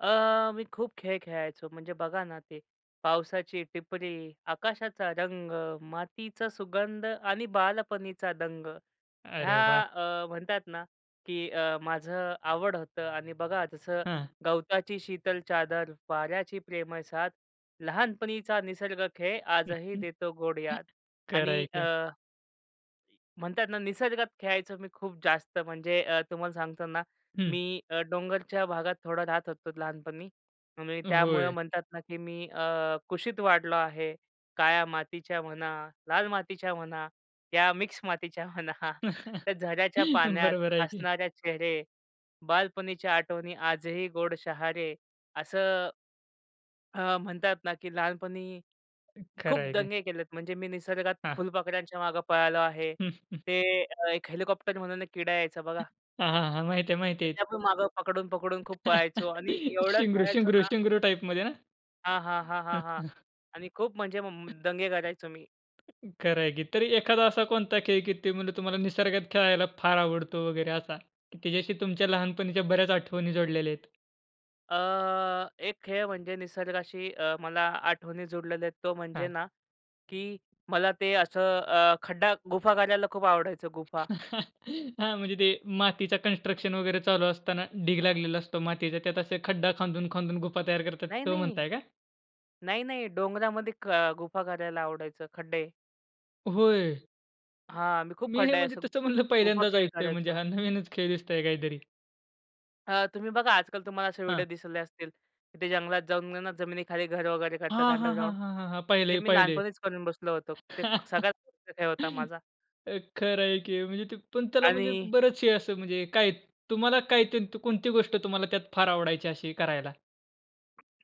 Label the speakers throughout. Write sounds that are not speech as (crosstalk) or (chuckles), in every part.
Speaker 1: अ, मी खूप खेळ खेळायचो. म्हणजे बघा ना ते, पावसाची टिपरी, आकाशाचा रंग, मातीचा सुगंध आणि बालपणीचा दंग, हया
Speaker 2: अरे वाह!
Speaker 1: अ, म्हणतात ना, की अ, माझ आवड होत आणि बघा, जसं
Speaker 2: हां.
Speaker 1: गवताची शीतल चादर, वाऱ्याची प्रेमळ साथ, लहानपणीचा निसर्ग खेळ, आजही
Speaker 2: (chuckles)
Speaker 1: देतो गोड याद
Speaker 2: खरं आहे
Speaker 1: आणि अ
Speaker 2: की.
Speaker 1: म्हणतात ना, निसर्गात खेळायचो मी खूप जास्त, म्हणजे अ, तुम्हाला सांगतो ना,
Speaker 2: हं.
Speaker 1: मी अ, डोंगरच्या भागात थोडा राहत होतो लहानपणी आणि त्यामुळे
Speaker 2: होय.
Speaker 1: म्हणतात ना, की मी अ, कुशीत वाढलो आहे, काळ्या मातीच्या म्हणा, लाल मातीच्या म्हणा, या मिक्स मातीच्या म्हणा. (chuckles)
Speaker 2: (chuckles)
Speaker 1: तर झऱ्याच्या पाण्यात
Speaker 2: बरोबर आहे की.
Speaker 1: हसणारे चेहरे, बालपणीच्या आठवणी आजही गोड शहारे. असं अ, म्हणतात ना, की लहानपणी
Speaker 2: खरं
Speaker 1: खूप
Speaker 2: आहे की.
Speaker 1: दंगे केलेत, म्हणजे मी निसर्गात
Speaker 2: हां.
Speaker 1: फुलपाखरांच्या मागे पळालो आहे.
Speaker 2: (chuckles)
Speaker 1: ते एक हेलिकॉप्टर म्हणून एक किडा यायचा बघा
Speaker 2: हां, हां, हां, माहिती आहे, माहिती
Speaker 1: त्याच्या पण मागं पकडून, पकडून खूप
Speaker 2: आहे.
Speaker 1: पळायचो आणि
Speaker 2: (chuckles)
Speaker 1: एवढं
Speaker 2: शिंगरू,
Speaker 1: खेळायचो
Speaker 2: शिंगरू,
Speaker 1: ना.
Speaker 2: शिंगरू टाइपमध्ये ना?
Speaker 1: हां, हां, हां, हां,
Speaker 2: हं,
Speaker 1: हां
Speaker 2: हं.
Speaker 1: आणि खूप म्हणजे दंगे करायचो मी.
Speaker 2: खंर आहे की. तरी एखादा असा कोणता खेळ आहे, की ते म्हणले तुम्हाला निसर्गात खेळायला फार आवडतो वगैरे असा? तिच्याशी तुमच्या लहानपणीच्या बऱ्याच आठवणी जोडलेले आहेत?
Speaker 1: अ, एक खेळ म्हणजे निसर्गाशी अ, मला आठवणी जोडलेले आहेत, तो म्हणजे
Speaker 2: हां.
Speaker 1: ना, की मला ते असं अ, खड्डा गुफा करायला खूप आवडायचं गुफा.
Speaker 2: (chuckles) हां, म्हणजे ते मातीचा कन्स्ट्रक्शन वगैरे चालू असताना ढीग लागलेला असतो मातीचा त्यात असे खड्डा खांदून, खांदून गुफा तयार करतात,
Speaker 1: नाही,
Speaker 2: तो
Speaker 1: नाही.
Speaker 2: म्हणताय का?
Speaker 1: नाही, नाही डोंगरामध्ये क अ, गुफा करायला आवडायचं, खड्डे.
Speaker 2: होय.
Speaker 1: हां, मी खूप
Speaker 2: मी हे
Speaker 1: खड्डा आहे
Speaker 2: म्हणजे
Speaker 1: असं
Speaker 2: तसं
Speaker 1: गु
Speaker 2: म्हणलं
Speaker 1: गुफा
Speaker 2: पहिल्यांदाच
Speaker 1: खेळ
Speaker 2: ऐकतोय म्हणजे
Speaker 1: करायचो.
Speaker 2: हा नवीनच खेळ दिसतोय काहीतरी?
Speaker 1: अ, तुम्ही बघा आजकाल तुम्हाला असे व्हिडिओ
Speaker 2: हां.
Speaker 1: दिसले असतील, ते जंगलात जाऊन ना, जमिनीखाली घर वगैरे करतात
Speaker 2: हां, हां, हां,
Speaker 1: अंडरग्राउंड,
Speaker 2: हां,
Speaker 1: ते
Speaker 2: पाहिलंय,
Speaker 1: मी
Speaker 2: पाहिलंय.
Speaker 1: लहानपणीच करून बसलो होतो. ते सगळ्यात मोठा (unintelligible) होता
Speaker 2: (laughs)
Speaker 1: माझा.
Speaker 2: अ, खंर आहे की. म्हणजे ते पण त्याला म्हणजे
Speaker 1: आणि
Speaker 2: बरेच हे असं म्हणजे काय तुम्हाला काय ते कोणती गोष्ट तुम्हाला त्यात फार आवडायची अशी करायला?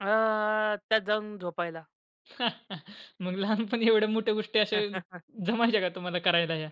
Speaker 1: अ, त्यात जाऊन झोपायला.
Speaker 2: (chuckles) मग लहानपणी एवढ्या मोठ्या गोष्टी अशा
Speaker 1: (chuckles)
Speaker 2: जमायच्या का तुम्हाला करायला ह्या?